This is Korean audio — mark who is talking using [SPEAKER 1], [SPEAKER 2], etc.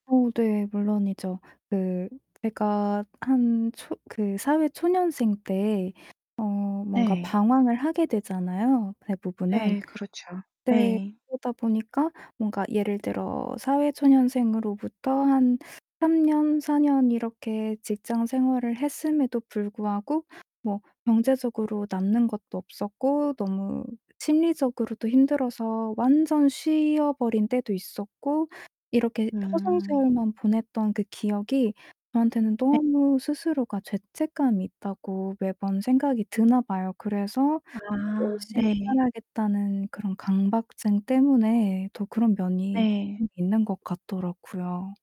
[SPEAKER 1] 어 네 물론이죠. 그 제가 한 초 그 사회 초년생때 어 뭔가
[SPEAKER 2] 네.
[SPEAKER 1] 방황을 하게 되잖아요, 대부분은.
[SPEAKER 2] 네 그렇죠.
[SPEAKER 1] 네
[SPEAKER 2] 네.
[SPEAKER 1] 그러다 보니까 뭔가 예를 들어 사회 초년생으로부터 한 3 년 4 년 이렇게 직장 생활을 했음에도 불구하고 뭐 경제적으로 남는 것도 없었고 너무 심리적으로도 힘들어서 완전 쉬어버린 때도 있었고 이렇게
[SPEAKER 2] 음.
[SPEAKER 1] 허송세월만 보냈던 그 기억이 저한테는
[SPEAKER 2] 네.
[SPEAKER 1] 너무 스스로가 죄책감이 있다고 매번 생각이 드나 봐요. 그래서 '막
[SPEAKER 2] 아
[SPEAKER 1] 열심히
[SPEAKER 2] 네.
[SPEAKER 1] 살아야겠다.'는 그런 강박증 때문에 또 그런 면이
[SPEAKER 2] 네.
[SPEAKER 1] [unintelligible] 있는 것 같더라고요.